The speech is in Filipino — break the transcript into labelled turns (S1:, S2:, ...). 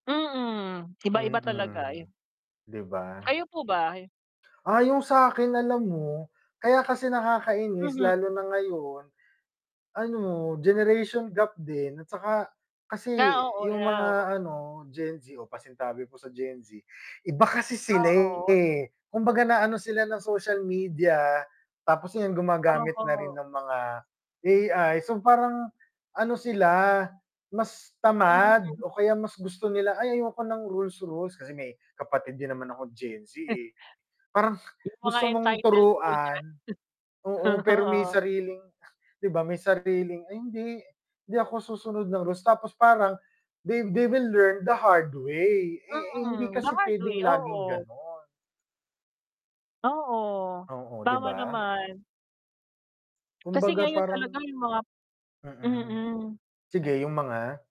S1: Mm, iba-iba talaga
S2: Mm.
S1: e
S2: 'Di ba?
S1: Kayo po ba?
S2: Ah, yung sakin alam mo, kaya kasi nakakainis
S1: Mhm.
S2: lalo na ngayon. Ano, generation gap din, at tsaka kasi
S1: Ah, oo,
S2: yung
S1: yeah, oo.
S2: mga ano, Gen Z o pasinsabi po sa Gen Z, iba kasi sila
S1: Ah, oo.
S2: eh, kumbaga naano sila ng social media tapos yun gumagamit na rin
S1: Oo.
S2: ng mga AI so, parang ano sila mas tamad
S1: Mm.
S2: o kaya mas gusto nila," Ay ayoko ng rules-rules." Kasi may kapatid din naman ako Gen Z eh. Parang
S1: Yung mga
S2: gusto mong
S1: entitled po
S2: turuan,
S1: dyan.
S2: oo, pero may
S1: Oo.
S2: sariling 'di ba? May sariling, "Ay hindi, hindi ako susunod ng rules." Tapos parang they they will learn the hard way. Eh eh hindi
S1: Mm,
S2: kasi
S1: bawal 'to
S2: pwedeng
S1: eh,
S2: laging
S1: oo.
S2: ganon.
S1: Oo,
S2: Oo, 'di
S1: tama
S2: ba?
S1: naman. Kasi
S2: Kumbaga
S1: ngayon
S2: parang
S1: talaga yung mga
S2: mm.
S1: mm.
S2: Sige yung mga?